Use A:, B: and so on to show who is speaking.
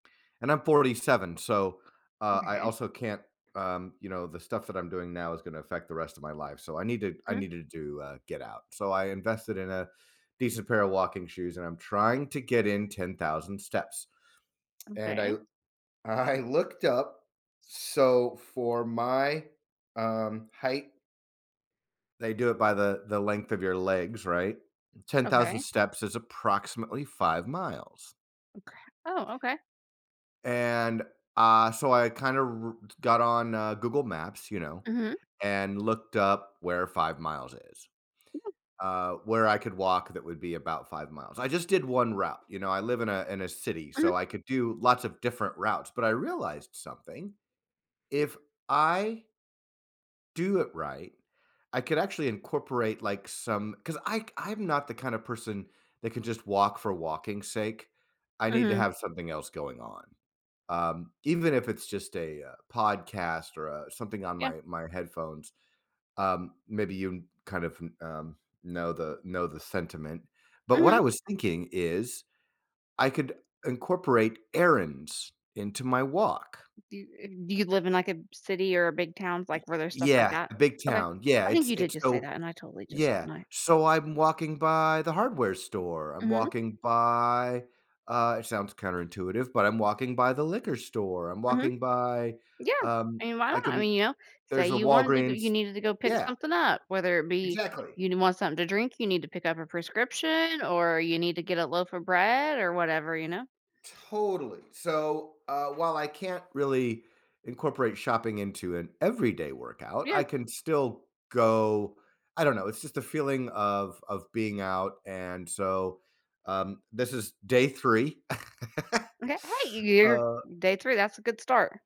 A: And I'm 47, so, uh, I
B: Okay.
A: also can't um, you know, the stuff that I'm doing now is gonna affect the rest of my life, so I needed I
B: Mhm.
A: needed to, uh, get out, so I invested in a decent pair of walking shoes, and I'm trying to get in 10,000 steps, and I
B: Okay.
A: loo I looked up so for my, um, height they do it by the the length of your legs, right? 10,000
B: Okay.
A: steps is approximately 5 miles
B: Oka Oh, okay.
A: and, uh, so I kind of r r got on, uh, Google Maps, you know,
B: Mhm.
A: and looked up where 5 miles is.
B: Yeah.
A: Uh, where I could walk that would be about 5 miles. I just did 1 route, you know, I live in a in a city,
B: Mhm.
A: so I could do lots of different routes, but I realized something. If I do it right, I could actually incorporate, like, some 'cause I k I'm not the kind of person that can just walk for walking's sake. I need to
B: Mhm.
A: have something else going on, um, even if it's just a, uh, podcast or, uh, something on
B: Yeah.
A: my my headphones, um, maybe you kn kind of n um, know the know the sentiment, but what I
B: Mhm.
A: was thinking is, I could incorporate errands into my walk.
B: Do, uh do you live in, like, a b city or a big towns,
A: Y
B: like, where there's stuff like
A: yeah,
B: that?
A: a big
B: Okay.
A: town. Yeah,
B: I think
A: it's
B: you did
A: it's
B: just say
A: so
B: that, and I totally just
A: Yeah,
B: my
A: so I'm walking by the hardware store, I'm
B: Mhm.
A: walking by uh, it sounds counterintuitive, but I'm walking by the liquor store, I'm
B: Mhm.
A: walking by,
B: Yeah.
A: um
B: I mean, why
A: I
B: not? I
A: couldn't
B: mean, you know, say
A: there's a
B: you wanted to go
A: Walgreens
B: you needed to go pick
A: Yeah.
B: something up, whether it be
A: Exactly.
B: you nee want something to drink, you need to pick up a prescription, or you need to get a loaf of bread or whatever, you know?
A: Totally. So, uh, while I can't really incorporate shopping into an everyday workout, I
B: Yeah.
A: can still go I don't know, it's just a feeling of of being out, and so, um, this is day 3.
B: Okay. Hey, you're
A: Uh
B: day 3, that's a good start.